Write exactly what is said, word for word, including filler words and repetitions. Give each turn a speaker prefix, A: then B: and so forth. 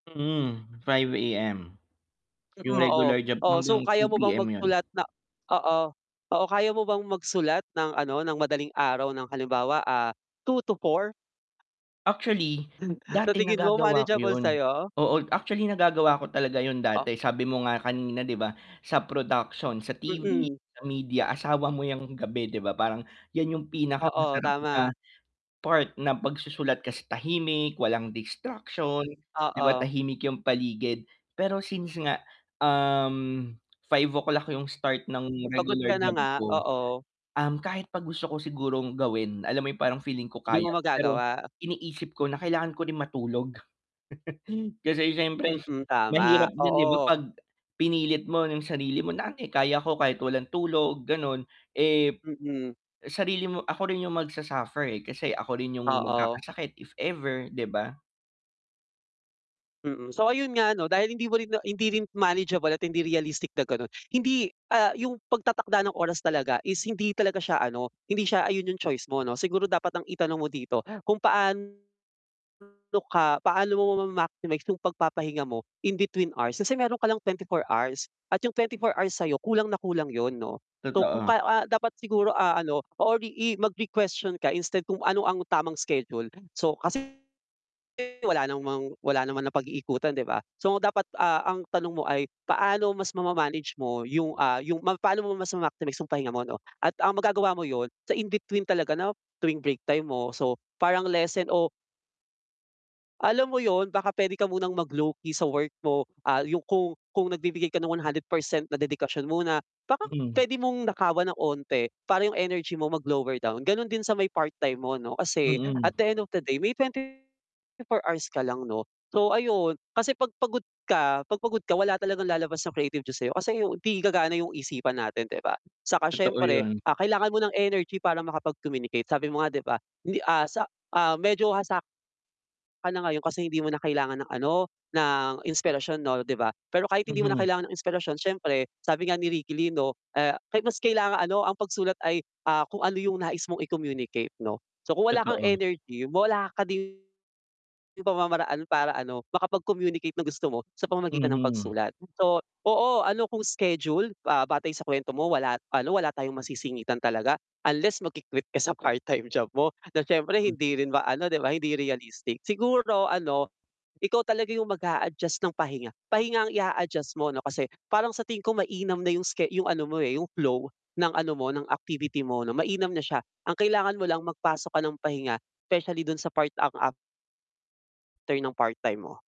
A: Hmm, five AM. 'Yung
B: Mm, oo.
A: regular job,
B: Oh, so
A: hanggang two
B: kaya mo bang
A: PM 'yun.
B: magsulat na oo. Oo, kaya mo bang magsulat ng ano, ng madaling araw ng halimbawa, ah, two to four?
A: Actually,
B: Sa
A: dati
B: tingin mo
A: nagagawa ko
B: manageable
A: 'yun.
B: sa'yo?
A: Oo, actually nagagawa ko talaga 'yun
B: Oh
A: dati, sabi mo nga kanina 'di ba, sa production, sa T-V,
B: Mm.
A: sa media, asawa mo 'yang gabi 'di ba, parang 'yan 'yung
B: Oo,
A: pinakamasarap na
B: tama.
A: part ng pagsusulat kasi sa tahimik, walang distraction, 'di ba
B: Oo.
A: tahimik 'yung paligid. Pero since nga, um, five o'clock 'yung start ng
B: Pagod
A: regular
B: ka na
A: job
B: nga
A: ko,
B: oo.
A: um, kahit 'pag gusto ko sigurong gawin, alam mo 'yung parang feeling ko
B: 'Di
A: kaya
B: mo
A: pero
B: magagawa.
A: iniisip ko na kailangan ko rin matulog. Kasi siyempre
B: Mm, tama,
A: mahirap din 'di ba
B: oo.
A: 'pag pinilit mo 'yung sarili mo. Dati kaya ko kahit walang tulog, gano'n, eh,
B: Mm.
A: sarili mo ako rin 'yung magsu-suffer, eh, kasi ako rin 'yung
B: Oo.
A: magkakasakit if ever, 'di ba.
B: Mm, so ayun nga ano dahil hindi mo rin na hindi rin manageable at hindi realistic na gano'n. Hindi ah, 'yung pagtatakda ng oras talaga is hindi talaga siya ano, hindi siya ayun 'yung choice mo 'no. Siguro dapat ang itanong mo dito kung paano ka paano mo mama-maximize 'yung pagpapahinga mo in between hours, kasi meron ka lang twenty four hours at 'yung twenty four hours sa'yo kulang na kulang 'yun 'no. So kung
A: Totoo.
B: ka ah, dapat siguro, ah, ano or i i mag-requestion ka instead kung ano ang tamang schedule, so kasi wala namang wala naman napag-iikutan 'di ba. So dapat, ah, ang tanong mo ay paano mas mama-manage mo 'yung, ah, 'yung ma paano mo mas ma-maximize 'yung pahinga mo 'no at ang magagawa mo 'yun sa in between talaga na tuwing break time mo, so parang lesson o alam mo 'yun, baka puwede ka munang mag lowkey sa work mo. Ah, 'yung kung kung nagbibigay ka ng one hundred percent na dedikasyon mo na baka
A: Mhm.
B: puwede mong nakawan ng 'onti para 'yung energy mo mag-lower down, gano'n din sa may part-time mo 'no kasi at
A: Mm.
B: the end of the day may twenty four hours ka lang 'no. So ayun, kasi 'pag pagod ka 'pag pagod ka wala talagang lalabas na creativity sa'yo kasi 'di gagana 'yung isipan natin 'di ba. Saka
A: Totoo
B: siyempre,
A: 'yun.
B: ah, kailangan mo ng energy para makapag-communicate, sabi mo nga 'di ba? Hindi, ah, sa, ah, medyo hasa ka na ngayon kasi hindi mo na kailangan ng ano, ng inspirasyon 'no 'di ba? Pero kahit hindi mo na
A: Mhm.
B: kailangan ng inspirasyon siyempre sabi nga ni Ricky Lee 'no, ah, ka mas kailangan ano "Ang pagsulat ay, ah, kung ano 'yung nais mong i-communicate." 'no. So kung wala kang
A: Totoo.
B: energy, wala ka din 'yung pamamaraan para ano makapag-communicate ng gusto mo sa pamamagitan ng
A: Mhm.
B: pagsulat. So, oo, ano kung scheduled, ah, batay sa kuwento mo wala ano, wala tayong masisingitan talaga unless magki-quit ka sa part time job mo na siyempre
A: Hmm.
B: hindi rin ba ano, 'di ba hindi realistic. Siguro ano, ikaw talaga 'yung mag-a-adjust ng pahinga. Pahinga ang i-a-adjust mo ano kasi parang sa tingin ko mainam na 'yung ske 'yung ano mo, eh, 'yung flow ng ano mo, ng activity mo 'no, mainam na siya. Ang kailangan mo lang magpasok ka ng pahinga, specially dun sa part ang af ter ng part-time mo.